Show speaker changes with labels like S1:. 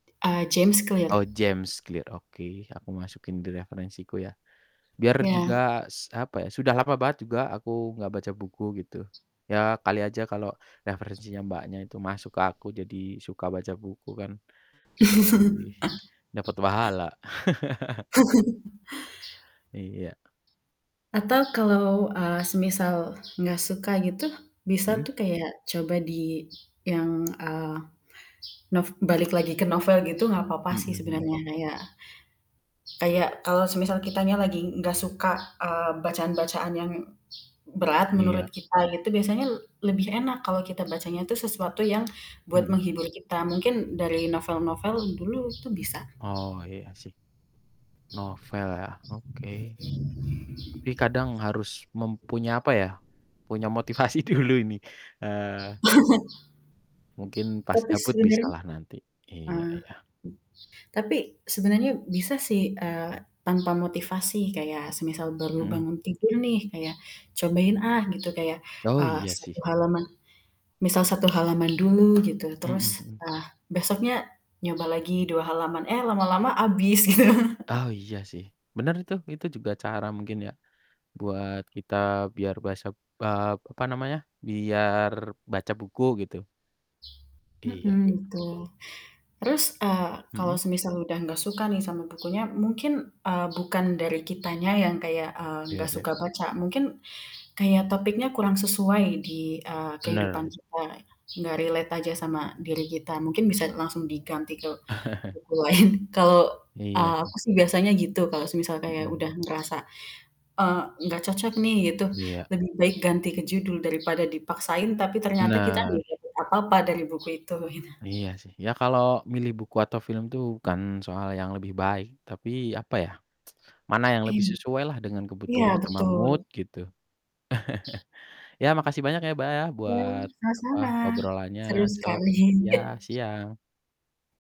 S1: Eee, James Clear.
S2: Oh, James Clear, oke. Aku masukin di referensiku ya, biar
S1: Iya.
S2: juga s apa ya, sudah lama banget juga aku gak baca buku gitu, ya kali aja kalo referensinya Mbaknya itu masuk ke aku jadi suka baca buku kan lebih dapet pahala. Iya.
S1: Atau kalau, eee, semisal gak suka gitu bisa
S2: Mhm.
S1: tuh kayak coba di yang, eee, nov balik lagi ke novel gitu, gak apa-apa
S2: Mhm
S1: sih
S2: mhm.
S1: sebenarnya kayak kayak kalau semisal kitanya lagi gak suka, eee, bacaan-bacaan yang berat
S2: Iya.
S1: menurut kita gitu, biasanya l lebih enak kalau kita bacanya tuh sesuatu yang buat
S2: Mhm.
S1: menghibur kita. Mungkin a dari novel-novel dulu itu bisa.
S2: Oh, iya sih. Novel ya, oke, tapi kadang harus mempunya apa ya, punya motivasi dulu ini, eee mungkin pas
S1: Tapi
S2: gabut
S1: sebenarnya
S2: bisalah nanti. Iya
S1: ah,
S2: iya.
S1: tapi sebenarnya bisa sih, eee, tanpa motivasi kayak semisal baru
S2: Mhm.
S1: bangun tidur nih, kayak, cobain, ah, gitu kayak,
S2: Oh,
S1: eee,
S2: iya
S1: 1
S2: sih.
S1: halaman misal, 1 halaman dulu, gitu.
S2: Mhm
S1: Terus,
S2: mhm.
S1: eee, besoknya nyoba lagi 2 halaman, eee, lama-lama habis gitu.
S2: Oh, iya sih, bener itu, itu juga cara mungkin ya buat kita biar basap eee, apa namanya, biar baca buku gitu. Iya
S1: Mhm,
S2: iya.
S1: gitu. Terus, ah, kalau
S2: Mhm.
S1: semisal udah gak suka nih sama bukunya, mungkin, eee, bukan dari kitanya yang kayak, eee,
S2: Iya
S1: gak
S2: iya.
S1: suka baca, mungkin kayak topiknya kurang sesuai di, eee, kehidupan
S2: Benar.
S1: kita, gak relate aja sama diri kita, mungkin bisa langsung diganti ke buku lain. Kalau,
S2: Iya
S1: eee,
S2: sih.
S1: aku sih biasanya gitu kalau semisal
S2: Mhm
S1: kayak udah
S2: mhm.
S1: ngerasa, eee, "Gak cocok nih." Gitu,
S2: Iya.
S1: lebih baik ganti ke judul daripada dipaksain, tapi ternyata kita gak
S2: Benar.
S1: dapet apa-apa dari buku itu gitu.
S2: Iya sih. Iya kalau milih buku atau film tuh bukan soal yang lebih baik, tapi, apa ya, mana yang lebih
S1: Em
S2: sesuailah dengan kebutuhan
S1: iya
S2: sama mood
S1: betul.
S2: gitu. Iya makasih banyak ya, Mbak, ya
S1: Iya,
S2: buat, apa,
S1: sama-sama.
S2: obrolannya
S1: Seru
S2: sor
S1: sekali.
S2: iya. Siang.